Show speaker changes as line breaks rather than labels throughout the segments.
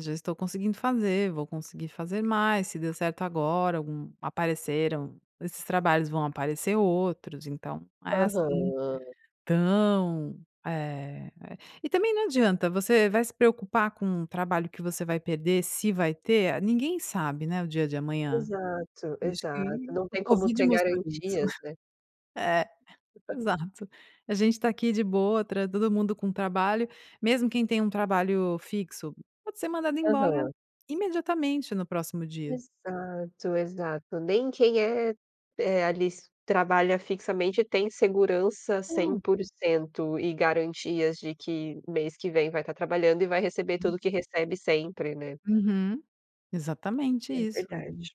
Já estou conseguindo fazer, vou conseguir fazer mais, se deu certo agora, algum apareceram esses trabalhos, vão aparecer outros. Então, é, assim,
Aham.
tão, eh, eh e também não adianta você vai se preocupar com o trabalho que você vai perder, se vai ter, ninguém sabe, né, o dia de amanhã,
Exato,
e acho que
exato. Não
o
tem como
covid
ter
mostrou isso.
garantias, né?
É, exato. A gente está aqui de boa, tra todo mundo com trabalho, mesmo quem tem um trabalho fixo pode ser mandado embora
Aham.
imediatamente no próximo dia.
Exato, exato. Nem quem é, eh, ali s trabalha fixamente tem segurança cem
[unintelligible]
por cento e garantias de que mês que vem vai estar trabalhando e vai receber
Hum.
tudo o que recebe sempre, né?
Uhum. Exatamente
É
isso.
verdade,
Hum.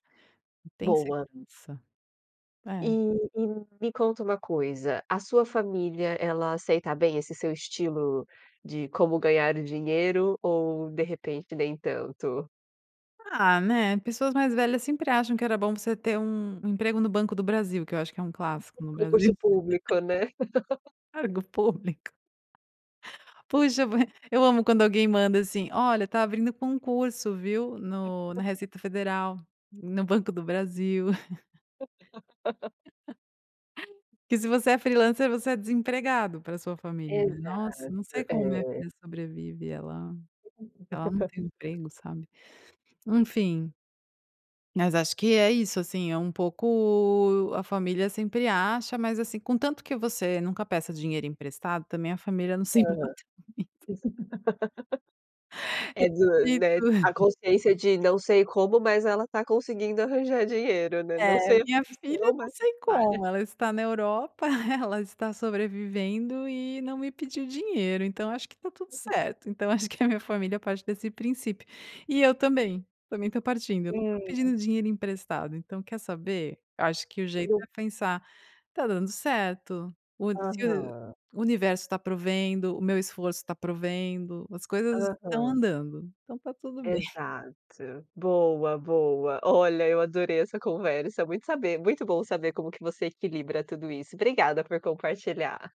Não tem
boa.
segurança.
E
É.
e me conta uma coisa, a sua família, ela aceita bem esse seu estilo de como ganhar o dinheiro ou, de repente, nem tanto?
Ah, né, pessoas mais velhas sempre acham que era bom você ter um um emprego no Banco do Brasil, que eu acho que é um clássico
[unintelligible]
no Brasil.
Concurso público, né?
Cargo público. Puxa, [unintelligible] eu amo quando alguém manda, assim: "Olha, está abrindo concurso, viu, no na Receita Federal, hum, no Banco do Brasil." Que se você é freelancer, você é desempregado pra sua família, né?
Exato.
"Nossa, não sei como a minha
É.
filha sobrevive, ela ela não tem emprego, sabe?". Enfim. Mas acho que é isso, assim, é um pouco a família sempre acha, mas, assim, com tanto que você nunca peça dinheiro emprestado também, a família não se
Aham.
importa muito.
É, du
É
né, a
[unintelligible]
consciência de: "Não sei como, mas ela está conseguindo arranjar dinheiro, né, não
É. "A
sei a
minha filha
condição,
não
mas"
sei como,
[unintelligible]
ela está na Europa, ela está sobrevivendo e não me pediu dinheiro. Então, acho que está tudo certo.". Então, acho que a minha família parte desse princípio e eu também, também estou partindo. Eu não estou
Sim.
pedindo dinheiro emprestado, então, quer saber? Eu acho que o jeito é
[unintelligible]
pensar: "Está dando certo, o se
Aham.
o universo está provendo, o meu esforço está provendo, as coisas estão
Aham.
andando, então, está tudo bem."
Exato. Boa, boa. Olha, eu adorei essa conversa. Muito saber muito bom saber como que você equilibra tudo isso. Obrigada por compartilhar.